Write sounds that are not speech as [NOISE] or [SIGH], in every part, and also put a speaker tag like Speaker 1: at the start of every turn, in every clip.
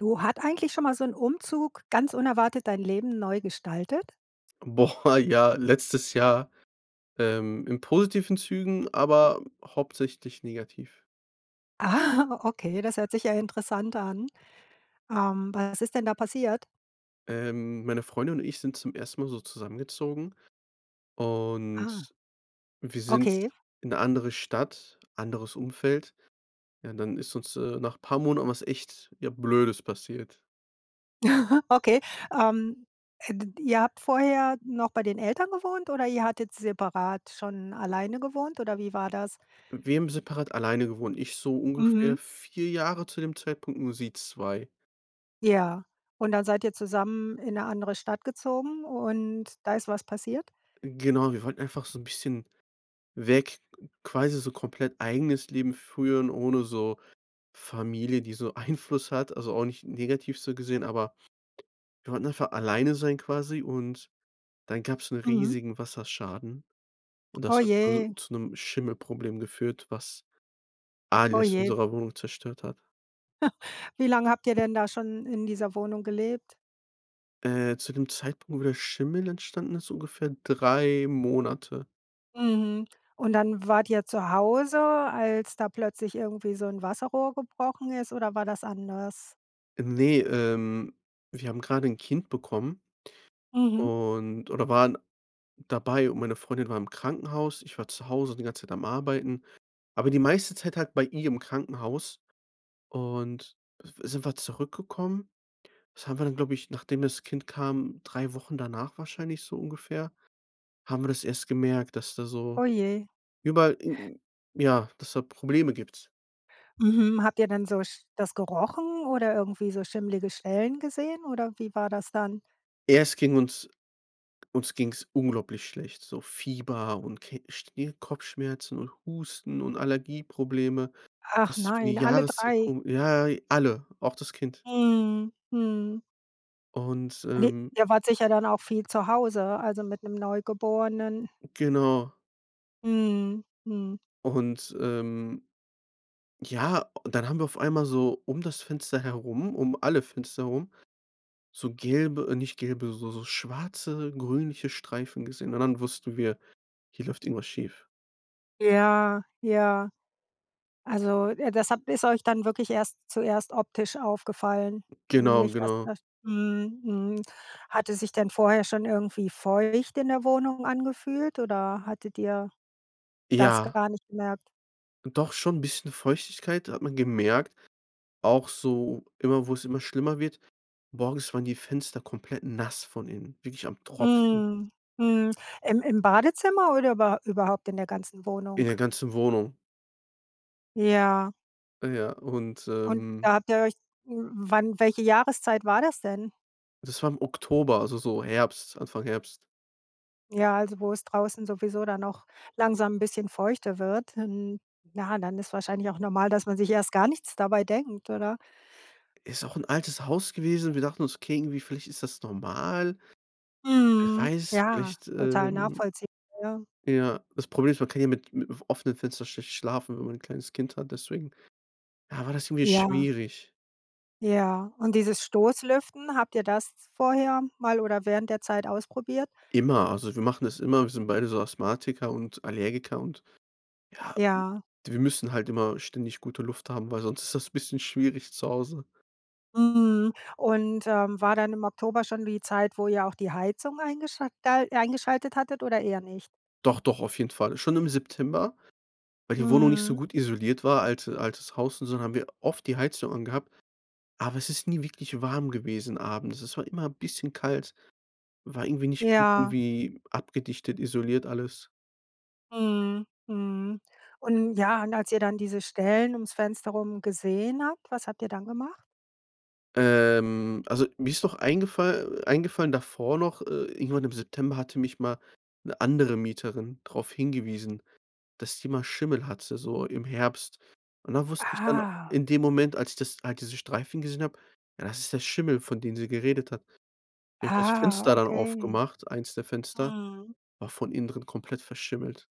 Speaker 1: Du, hat eigentlich schon mal so 'n Umzug ganz unerwartet dein Leben neu gestaltet?
Speaker 2: Boah, ja, letztes Jahr, ähm, in positiven Zügen, aber hauptsächlich negativ.
Speaker 1: Ah, okay. Das hört sich ja interessant an. Ähm, was ist denn da passiert?
Speaker 2: Ähm, meine Freundin und ich sind zum ersten Mal so zusammengezogen.
Speaker 1: Ah.
Speaker 2: Und wir sind
Speaker 1: Okay.
Speaker 2: in 'ne andere Stadt, anderes Umfeld. Ja, dann ist uns, äh, nach paar Monaten was echt, ja, Blödes passiert.
Speaker 1: [CHUCKLES] Okay, ähm, d ihr habt vorher noch bei den Eltern gewohnt, oder ihr hattet separat schon alleine gewohnt, oder wie war das?
Speaker 2: Wir haben separat alleine gewohnt. Ich so ungefähr
Speaker 1: Mhm.
Speaker 2: 4 Jahre zu dem Zeitpunkt, nur sie 2.
Speaker 1: Ja. Und dann seid ihr zusammen in 'ne andere Stadt gezogen, und da ist was passiert?
Speaker 2: Genau, wir wollten einfach so 'n bisschen weg, quasi so komplett eigenes Leben führen, ohne so Familie, die so Einfluss hat. Also auch nicht negativ so gesehen, aber wir wollten einfach alleine sein quasi, und dann gab's 'n
Speaker 1: Mhm.
Speaker 2: riesigen Wasserschaden. Und
Speaker 1: Oh
Speaker 2: das hat so
Speaker 1: je.
Speaker 2: zu 'nem Schimmelproblem geführt, was
Speaker 1: Oh
Speaker 2: alles in
Speaker 1: je.
Speaker 2: unserer Wohnung zerstört hat.
Speaker 1: [LAUGHS] Wie lange habt ihr denn da schon in dieser Wohnung gelebt?
Speaker 2: Äh, zu dem Zeitpunkt, wo der Schimmel entstanden ist, ungefähr 3 Monate.
Speaker 1: Mhm, und dann wart ihr zu Hause, als da plötzlich irgendwie so 'n Wasserrohr gebrochen ist, oder war das anders?
Speaker 2: Äh, ne, ähm, wir haben gerade 'n Kind bekommen
Speaker 1: Mhm.
Speaker 2: und oder waren dabei. Und meine Freundin war im Krankenhaus, ich war zu Hause die ganze Zeit am Arbeiten, aber die meiste Zeit halt bei ihr im Krankenhaus und sind wir zurückgekommen das haben wir dann, glaube ich, nachdem das Kind kam 3 Wochen danach wahrscheinlich so ungefähr haben wir das erst gemerkt, dass da so
Speaker 1: Oh je.
Speaker 2: überall, ja, deshalb Probleme gibt.
Speaker 1: Mhm. Habt ihr denn so sch das gerochen oder irgendwie so schimmlige Stellen gesehen, oder wie war das dann?
Speaker 2: Erst ging uns uns ging's unglaublich schlecht, so Fieber und Ke Stir Kopfschmerzen und Husten und Allergieprobleme.
Speaker 1: Ach
Speaker 2: Das ist für die
Speaker 1: nein, alle
Speaker 2: Jahreszeit
Speaker 1: 3.
Speaker 2: kom ja, alle, auch das Kind.
Speaker 1: Mhm. Mhm.
Speaker 2: Und,
Speaker 1: [UNINTELLIGIBLE]
Speaker 2: ähm
Speaker 1: Ihr wart sicher dann auch viel zu Hause, also mit 'nem Neugeborenen.
Speaker 2: Genau.
Speaker 1: Mhm, mhm.
Speaker 2: Und ähm, ja, dann haben wir auf einmal so um das Fenster herum, um alle Fenster herum, so gelbe, nicht gelbe, so so schwarze, grünliche Streifen gesehen und dann wussten wir, hier läuft irgendwas schief.
Speaker 1: Ja, ja. Also, äh, das habt ist euch dann wirklich erst zuerst optisch aufgefallen?
Speaker 2: Genau,
Speaker 1: Nicht dass
Speaker 2: genau.
Speaker 1: das mhm, mhm. Hat es sich denn vorher schon irgendwie feucht in der Wohnung angefühlt, oder hattet ihr das
Speaker 2: Ja.
Speaker 1: gar nicht gemerkt?
Speaker 2: Doch, schon, 'n bisschen Feuchtigkeit hat man gemerkt, auch so immer wo's immer schlimmer wird. Morgens waren die Fenster komplett nass von innen, wirklich am Tropfen.
Speaker 1: Mhm, mhm. Im im Badezimmer oder über überhaupt in der ganzen
Speaker 2: In
Speaker 1: Wohnung?
Speaker 2: der ganzen Wohnung.
Speaker 1: Ja.
Speaker 2: Äh, ja, und,
Speaker 1: Und
Speaker 2: ähm
Speaker 1: da habt ihr euch wann, welche Jahreszeit war das denn?
Speaker 2: Das war im Oktober, also so Herbst, Anfang Herbst.
Speaker 1: Ja, also, wo es draußen sowieso dann auch langsam 'n bisschen feuchter wird dann. Ja, dann ist wahrscheinlich auch normal, dass man sich erst gar nichts dabei denkt, oder?
Speaker 2: Ist auch 'n altes Haus gewesen, wir dachten uns, okay, irgendwie vielleicht ist das normal. Wer
Speaker 1: Mhm.
Speaker 2: weiß,
Speaker 1: Ja,
Speaker 2: vielleicht,
Speaker 1: total
Speaker 2: ähm
Speaker 1: nachvollziehbar, ja.
Speaker 2: Ja, das Problem ist, man kann ja mit mit offenen Fenstern schlecht schlafen, wenn man ein kleines Kind hat, deswegen, ja, war das irgendwie
Speaker 1: Ja.
Speaker 2: schwierig.
Speaker 1: Ja, und dieses Stoß-Lüften, habt ihr das s vorher mal oder während der Zeit ausprobiert?
Speaker 2: Immer, also wir machen das immer. Wir sind beide so Asthmatiker und Allergiker und, ja,
Speaker 1: Ja.
Speaker 2: wir müssen halt immer ständig gute Luft haben, weil sonst ist das 'n bisschen schwierig zu Hause.
Speaker 1: Mhm. Und, ähm, war dann im Oktober schon die Zeit, wo ihr auch die Heizung eingeschal dal eingeschaltet hattet, oder eher nicht?
Speaker 2: Doch, doch, auf jeden Fall. Schon im September, weil die Wohnung nicht so
Speaker 1: Mhm.
Speaker 2: gut isoliert war. Alt altes Haus und so dann haben wir oft die Heizung angehabt. Aber es ist nie wirklich warm gewesen, abends. Es war immer 'n bisschen kalt, war irgendwie nicht gut
Speaker 1: Ja.
Speaker 2: irgendwie abgedichtet, isoliert alles.
Speaker 1: Mhm, mhm. Und ja, und als ihr dann diese Stellen ums Fenster rum gesehen habt, was habt ihr dann gemacht?
Speaker 2: Ähm, also, mir ist noch eingefall eingefallen davor noch, äh, irgendwann im September hatte mich mal 'ne andere Mieterin darauf hingewiesen, dass die mal Schimmel hatte, so im Herbst. Und da wusste ich dann
Speaker 1: Ah.
Speaker 2: in dem Moment, als ich das als diese Streifen gesehen habe. Ja, das ist der Schimmel, von dem sie geredet hat. Ich habe das
Speaker 1: Ah,
Speaker 2: Fenster dann
Speaker 1: okay.
Speaker 2: aufgemacht. Eins der Fenster
Speaker 1: Mhm.
Speaker 2: war von innen drin komplett verschimmelt.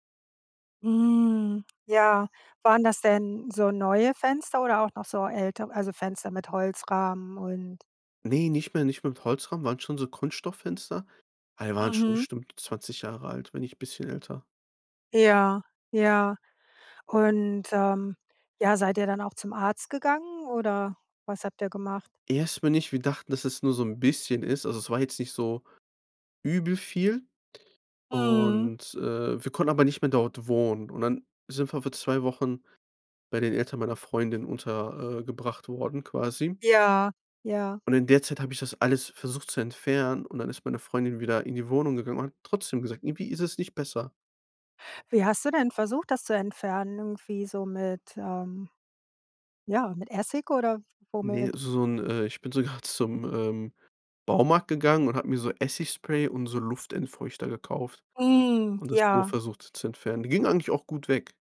Speaker 1: Hm, ja. Waren das denn so neue Fenster oder auch noch so ältere? Also, Fenster mit Holzrahmen und
Speaker 2: Ne, nicht mehr nicht mit Holzrahmen, waren schon so Kunststofffenster. Aber die waren schon
Speaker 1: Mhm.
Speaker 2: bestimmt 20 Jahre alt, wenn nicht bisschen älter.
Speaker 1: Ja, ja. Und, ähm, ja, seid ihr dann auch zum Arzt gegangen, oder was habt ihr gemacht?
Speaker 2: Erstmal nicht. Wir dachten, dass es nur so 'n bisschen ist. Also, es war jetzt nicht so übel viel.
Speaker 1: Mhm.
Speaker 2: Und, äh, wir konnten aber nicht mehr dort wohnen. Und dann sind wir für 2 Wochen bei den Eltern meiner Freundin unter äh, gebracht worden, quasi.
Speaker 1: Ja, ja.
Speaker 2: Und in der Zeit habe ich das alles versucht zu entfernen. Und dann ist meine Freundin wieder in die Wohnung gegangen und hat trotzdem gesagt irgendwie ist es nicht besser.
Speaker 1: Wie hast du denn versucht, das zu entfernen, irgendwie so mit ähm, ja, mit Essig oder w
Speaker 2: Ne,
Speaker 1: womit?
Speaker 2: so 'n, äh ich bin sogar zum, ähm, Baumarkt gegangen und habe mir so Essigspray und so Luftentfeuchter gekauft
Speaker 1: Mm,
Speaker 2: und das so
Speaker 1: ja.
Speaker 2: versucht zu entfernen. Ging eigentlich auch gut weg.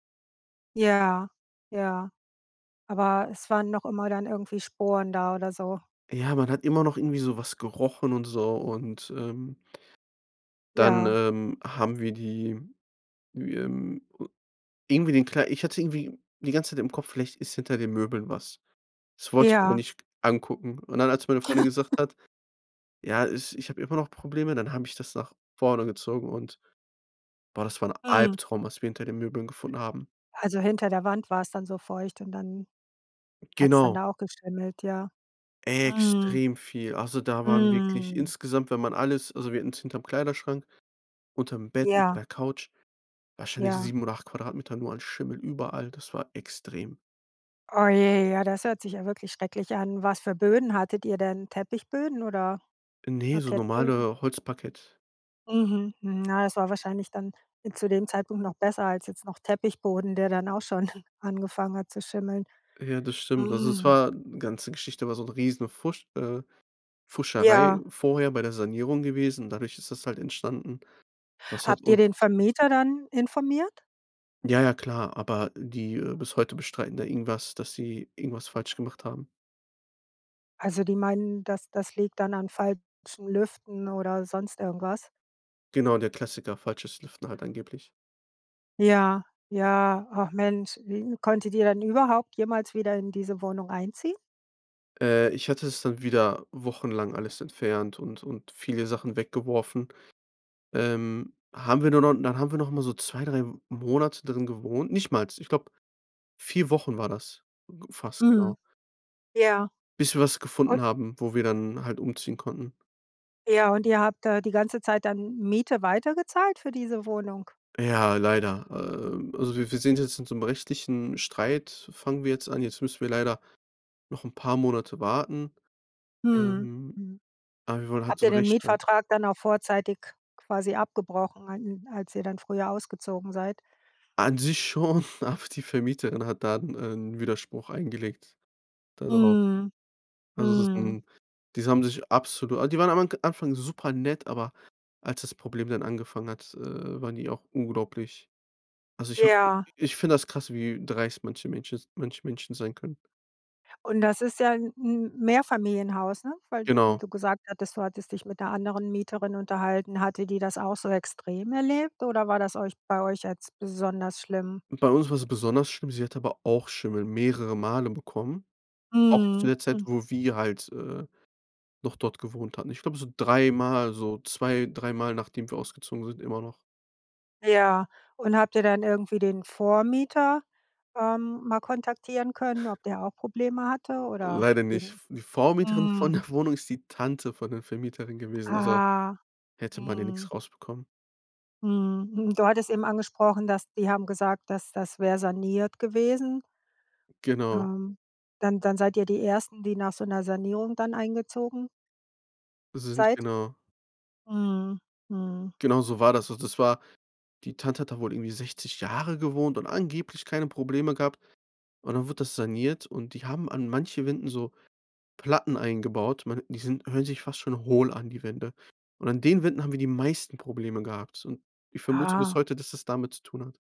Speaker 1: Ja, ja, aber es waren noch immer dann irgendwie Sporen da oder so?
Speaker 2: Ja, man hat immer noch irgendwie sowas gerochen und so und, ähm dann,
Speaker 1: Ja.
Speaker 2: ähm, haben wir die, ähm, äh irgendwie den Klei ich hatte irgendwie die ganze Zeit im Kopf, vielleicht ist hinter den Möbeln was. Das wollte ich aber
Speaker 1: Ja.
Speaker 2: nicht angucken. Und dann, als meine Freundin
Speaker 1: [LAUGHS]
Speaker 2: gesagt hat: „Ja, es ich habe immer noch Probleme“, dann habe ich das nach vorne gezogen und boah, das war 'n
Speaker 1: Mhm.
Speaker 2: Albtraum, was wir hinter den Möbeln gefunden haben.
Speaker 1: Also hinter der Wand war es dann so feucht und dann hat's dann
Speaker 2: Genau.
Speaker 1: da auch geschimmelt, ja? Mhm.
Speaker 2: Extrem viel. Also, da waren wirklich
Speaker 1: Mhm.
Speaker 2: insgesamt, wenn man alles also wir hatten's hinterm Kleiderschrank, unterm Bett, unter
Speaker 1: Ja.
Speaker 2: der Couch, wahrscheinlich
Speaker 1: Ja.
Speaker 2: 7 oder 8 Quadratmeter nur an Schimmel überall. Das war extrem.
Speaker 1: Oh je, ja, das hört sich ja wirklich schrecklich an. Was für Böden hattet ihr denn? Teppichböden oder
Speaker 2: Ne, so
Speaker 1: Parkettböden?
Speaker 2: normale Holzparkett.
Speaker 1: Mhm, hm. Na, das war wahrscheinlich dann zu dem Zeitpunkt noch besser als jetzt noch Teppichboden, der dann auch schon [CHUCKLES] angefangen hat zu schimmeln,
Speaker 2: Ja, das stimmt. Also, es
Speaker 1: hm.
Speaker 2: war ganze Geschichte war so 'n Riesenpfusch äh, Pfuscherei
Speaker 1: Ja.
Speaker 2: vorher bei der Sanierung gewesen. Und dadurch ist das halt entstanden. Das hat
Speaker 1: Habt ihr
Speaker 2: uns
Speaker 1: den Vermieter dann informiert?
Speaker 2: Ja, ja, klar. Aber die äh, bis heute bestreiten da irgendwas dass sie irgendwas falsch gemacht haben.
Speaker 1: Also die meinten, das das liegt dann an falschem Lüften oder sonst irgendwas?
Speaker 2: Genau der Klassiker, falsches Lüften halt angeblich.
Speaker 1: Ja, ja. Ach Mensch, äh, konntet ihr dann überhaupt jemals wieder in diese Wohnung einziehen?
Speaker 2: Äh, ich hatte es dann wieder wochenlang alles entfernt und und viele Sachen weggeworfen. Ähm, haben wir nur noch dann haben wir nochmal so 2, 3 Monate drin gewohnt. Nichtmals, ich glaube, 4 Wochen war das fast
Speaker 1: Mhm.
Speaker 2: genau
Speaker 1: Ja.
Speaker 2: bis wir was
Speaker 1: Un
Speaker 2: gefunden haben, wo wir dann halt umziehen konnten.
Speaker 1: Ja, und ihr habt da die ganze Zeit dann M Miete weitergezahlt für diese Wohnung?
Speaker 2: Ja, leider. Ähm, also wir wir sind jetzt in so 'nem richtigen Streit f fangen wir jetzt an. Jetzt müssen wir leider noch 'n paar Monate warten,
Speaker 1: Mhm,
Speaker 2: ähm,
Speaker 1: mhm.
Speaker 2: aber wir wollen halt
Speaker 1: Habt
Speaker 2: so 'n
Speaker 1: ihr den
Speaker 2: Rechtsstreit
Speaker 1: Mietvertrag dann auch vorzeitig quasi abgebrochen a n als ihr dann früher ausgezogen seid?
Speaker 2: An sich schon, aber die Vermieterin hat dann ein Widerspruch eingelegt, da drauf.
Speaker 1: Mhm,
Speaker 2: Also das ist
Speaker 1: mhm.
Speaker 2: 'n diese haben sich absolu aber die waren am k am Anfang super nett, aber als das Problem dann angefangen hat, äh, waren die auch unglaublich also, ich habe i
Speaker 1: Ja.
Speaker 2: ich finde das krass, wie dreist manche Menschen s manche Menschen sein können.
Speaker 1: Und das ist ja 'n M Mehrfamilienhaus, ne? Weil
Speaker 2: Genau.
Speaker 1: du gesagt hattest, du hattest dich mit der anderen Mieterin unterhalten. Hatte die das auch so extrem erlebt, oder war das euch bei euch jetzt besonders schlimm?
Speaker 2: Bei uns war es besonders schlimm. Sie hat aber auch Schimmel mehrere Male bekommen. Auch zu
Speaker 1: Mhm,
Speaker 2: der Zeit,
Speaker 1: hm.
Speaker 2: wo wir halt, äh, noch dort gewohnt hatten. Ich glaube so dreimal, so zwei dreimal nachdem wir ausgezogen sind, immer noch.
Speaker 1: Ja. Und habt ihr dann irgendwie den Vormieter, ähm, mal kontaktieren können, ob der auch Probleme hatte? Oder
Speaker 2: Leider nicht.
Speaker 1: den
Speaker 2: V die Vormieterin von
Speaker 1: mhm.
Speaker 2: der Wohnung ist die Tante von der Vermieterin gewesen, also
Speaker 1: Ah.
Speaker 2: hätte man ja nix
Speaker 1: Mhm.
Speaker 2: rausbekommen.
Speaker 1: Mhm, hm. Du hattest eben angesprochen, dass die haben gesagt, das das wäre saniert gewesen.
Speaker 2: Genau.
Speaker 1: Ähm, dann dann seid ihr die Ersten, die nach so 'ner Sanierung dann eingezogen
Speaker 2: Sind
Speaker 1: seid?
Speaker 2: genau.
Speaker 1: Mhm, mhm.
Speaker 2: Genau so war das. Und das war die Tante hat da wohl irgendwie 60 Jahre gewohnt und angeblich keine Probleme gehabt. Und dann wurde das saniert. Und die haben an manche Wänden so Platten eingebaut. Man die sind hören sich fast schon hohl an, die Wände. Und an den Wänden haben wir die meisten Probleme gehabt. Und ich vermute bis
Speaker 1: Aha.
Speaker 2: heute, dass das damit zu tun hat.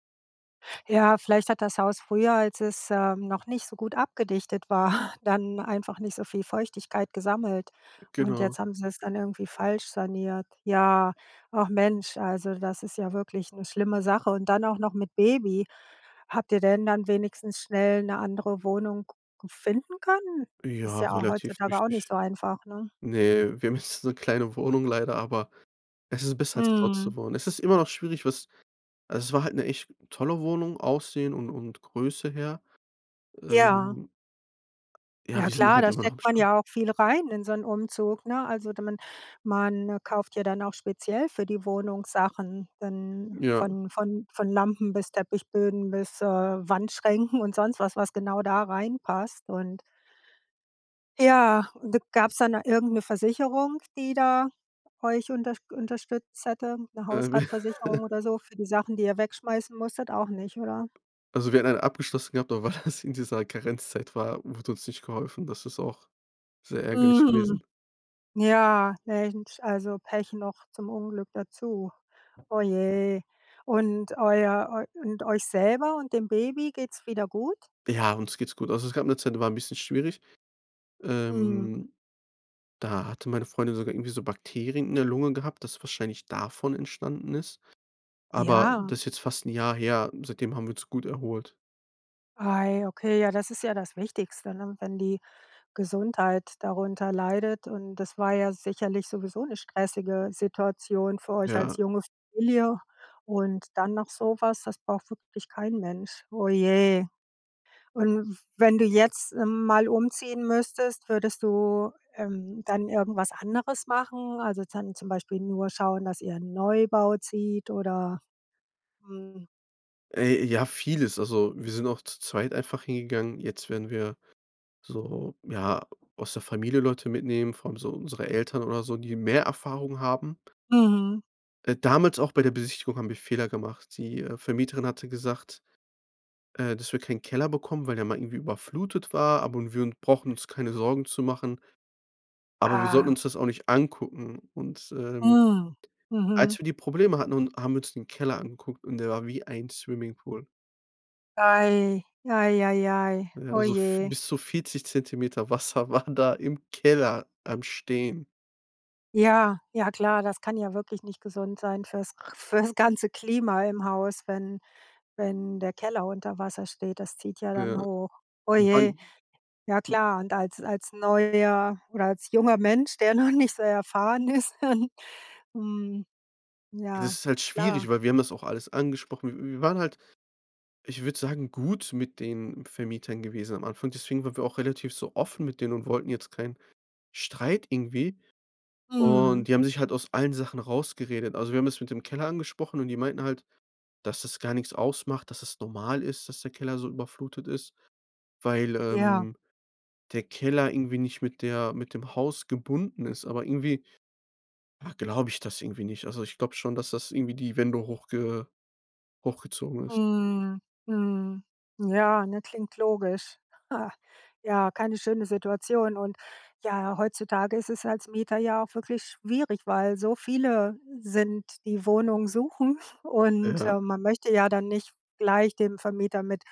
Speaker 1: Ja, vielleicht hat das Haus früher, als es, ähm, noch nicht so gut abgedichtet war, dann einfach nicht so viel Feuchtigkeit gesammelt. Und jetzt
Speaker 2: Genau.
Speaker 1: haben sie es dann irgendwie falsch saniert. Ja, ach Mensch, also das ist ja wirklich 'ne schlimme Sache und dann auch noch mit Baby. Habt ihr denn dann wenigstens schnell 'ne andere Wohnung g finden können? Ist
Speaker 2: Ja,
Speaker 1: ja auch
Speaker 2: relativ
Speaker 1: heutzutage auch nicht
Speaker 2: richtig.
Speaker 1: so einfach, ne?
Speaker 2: Ne, wir haben jetzt so 'ne kleine Wohnung leider, aber es ist besser, als dort zu
Speaker 1: Mhm.
Speaker 2: wohnen. Es ist immer noch schwierig, was also es war halt 'ne echt tolle Wohnung, Aussehen und und Größe her.
Speaker 1: Ja.
Speaker 2: Ähm Ja,
Speaker 1: Ja
Speaker 2: wir sind hier
Speaker 1: klar,
Speaker 2: halt
Speaker 1: da
Speaker 2: immer noch am
Speaker 1: steckt man
Speaker 2: [UNINTELLIGIBLE]
Speaker 1: ja auch viel rein in so 'n Umzug, ne? Also, da man man kauft ja dann auch speziell für die Wohnung Sachen dann
Speaker 2: Ja.
Speaker 1: von von von Lampen bis Teppichböden bis, äh, Wandschränken und sonst was was genau da reinpasst, und Ja, d gab's dann irgendeine Versicherung, die da euch unterst unterstützt hätte, 'ne
Speaker 2: Äh.
Speaker 1: Hausratversicherung
Speaker 2: [CHUCKLES]
Speaker 1: oder so für die Sachen, die ihr wegschmeißen musstet. Auch nicht, oder?
Speaker 2: Also wir hatten einen abgeschlossen gehabt, aber weil das in dieser Karenzzeit war, wurde uns nicht geholfen. Das ist auch sehr ärgerlich
Speaker 1: Mhm.
Speaker 2: gewesen.
Speaker 1: Ja, Mensch, also Pech noch zum Unglück dazu. Oh, je. Und euer eu und euch selber und dem Baby geht's wieder gut?
Speaker 2: Ja, uns geht's gut. Also, es gab 'ne Zeit, die war 'n bisschen schwierig.
Speaker 1: Mhm.
Speaker 2: Ähm. Da hatte meine Freundin sogar irgendwie so Bakterien in der Lunge gehabt, das wahrscheinlich davon entstanden ist. Aber
Speaker 1: Ja.
Speaker 2: das ist jetzt fast 'n Jahr her. Seitdem haben wir uns gut erholt.
Speaker 1: Ah ja, okay, ja, das ist ja das Wichtigste, ne, wenn die Gesundheit darunter leidet und das war ja sicherlich sowieso 'ne stressige Situation für euch als
Speaker 2: Ja.
Speaker 1: junge Familie und dann noch sowas, das braucht wirklich kein Mensch. Oh je. Und, wenn du jetzt, ähm, mal umziehen müsstest, würdest du, ähm, dann irgendwas anderes machen? Also, dann zum Beispiel nur schauen, dass ihr in 'n Neubau zieht oder, hm
Speaker 2: Ey, ja, vieles. Also, wir sind auch zu zweit einfach hingegangen. Jetzt werden wir so, ja, aus der Familie Leute mitnehmen, vor allem so unsere Eltern oder so, die mehr Erfahrung haben.
Speaker 1: Mhm.
Speaker 2: Äh, damals auch bei der Besichtigung haben wir Fehler gemacht. Die, äh, Vermieterin hatte gesagt, äh, dass wir keinen Keller bekommen, weil der mal irgendwie überflutet war, aber wir un brauchen uns keine Sorgen zu machen aber wir sollten
Speaker 1: Ah.
Speaker 2: uns das auch nicht angucken und, ähm
Speaker 1: Hm, mhm.
Speaker 2: als wir die Probleme hatten und haben uns den Keller angeguckt und der war wie ein Swimming-Pool.
Speaker 1: Ei, ei, ei, ei.
Speaker 2: Äh, ja,
Speaker 1: Oh
Speaker 2: so f
Speaker 1: je.
Speaker 2: bis zu 40 cm Wasser waren da im Keller am Stehen.
Speaker 1: Ja, ja, klar, das kann ja wirklich nicht gesund sein fürs fürs ganze Klima im Haus, wenn wenn der Keller unter Wasser steht. Das zieht ja dann
Speaker 2: Ja.
Speaker 1: hoch. Oh
Speaker 2: Wir
Speaker 1: je.
Speaker 2: waren
Speaker 1: Ja
Speaker 2: [UNINTELLIGIBLE]
Speaker 1: klar, und als als neuer oder als junger Mensch, der noch nicht so erfahren ist ähm mhm,
Speaker 2: Ja,
Speaker 1: ja,
Speaker 2: das ist halt schwierig,
Speaker 1: klar.
Speaker 2: weil wir haben das auch alles angesprochen. Wi wir waren halt, ich würde sagen, gut mit den Vermietern gewesen am Anfang. Deswegen waren wir auch relativ so offen mit denen und wollten jetzt keinen Streit irgendwie.
Speaker 1: Mhm.
Speaker 2: Und die haben sich halt aus allen Sachen rausgeredet. Also, wir haben das mit dem Keller angesprochen. Und die meinten halt, dass das gar nix ausmacht, dass das normal ist, dass der Keller so überflutet ist, weil,
Speaker 1: Ja.
Speaker 2: ähm, der Keller irgendwie nicht mit der mit dem Haus gebunden ist, aber irgendwie ja, glaube ich das irgendwie nicht. Also, ich glaube schon, dass das irgendwie die Wände hochge hochgezogen ist.
Speaker 1: Mhm, mhm. Ja, ne, klingt logisch. Ja, keine schöne Situation. Und ja, heutzutage ist es als Mieter ja auch wirklich schwierig, weil so viele sind, die Wohnungen suchen und,
Speaker 2: Ja.
Speaker 1: äh, man möchte ja dann nicht gleich dem Vermieter mit,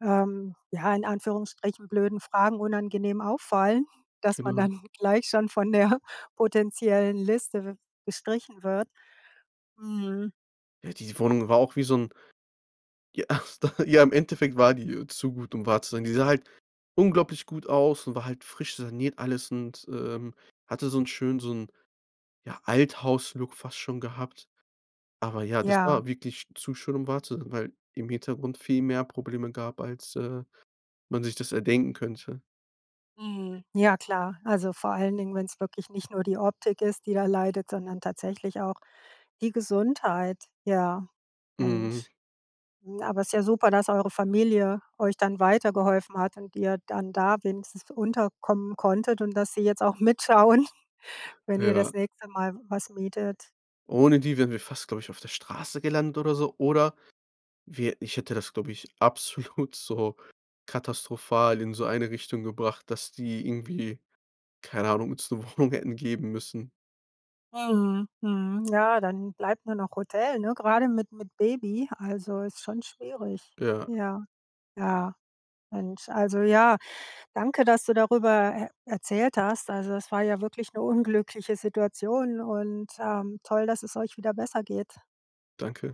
Speaker 1: ähm, ja, in Anführungsstrichen blöden Fragen unangenehm auffallen, dass man
Speaker 2: Genau.
Speaker 1: dann gleich schon von der potenziellen Liste gestrichen wird. Mhm.
Speaker 2: Ja, die Wohnung war auch wie so 'n Ja, ja, im Endeffekt war die, äh, zu gut, um wahr zu sein. Die sah halt unglaublich gut aus und war halt frisch saniert, alles und, ähm, hatte so 'n schönen so 'n, ja, Althaus-Look fast schon gehabt. Aber ja, das
Speaker 1: Ja.
Speaker 2: war wirklich zu schön, um wahr zu sein, weil im Hintergrund viel mehr Probleme gab, als, äh, man sich das erdenken könnte.
Speaker 1: Mhm. Ja, klar. Also vor allen Dingen, wenn's wirklich nicht nur die Optik ist, die da leidet, sondern tatsächlich auch die Gesundheit. Ja,
Speaker 2: Mhm.
Speaker 1: Mensch. Aber es ist ja super, dass eure Familie euch dann weitergeholfen hat und ihr dann da wenigstens unterkommen konntet und dass sie jetzt auch mitschauen, wenn ihr
Speaker 2: Ja.
Speaker 1: das nächste Mal w was mietet.
Speaker 2: Ohne die wären wir fast glaube ich, auf der Straße gelandet oder so, oder wir ich hätte das glaube ich, absolut so katastrophal in so eine Richtung gebracht, dass die irgendwie- keine Ahnung- uns 'ne Wohnung hätten geben müssen.
Speaker 1: Mhm. Mhm. Ja, dann bleibt nur noch Hotel, ne, grade mit mit Baby, also ist schon schwierig.
Speaker 2: Ja.
Speaker 1: Ja. Ja. Mensch, also ja, danke, dass du darüber e erzählt hast. Also, das war ja wirklich 'ne unglückliche Situation und, ähm, toll, dass es euch wieder besser geht.
Speaker 2: Danke.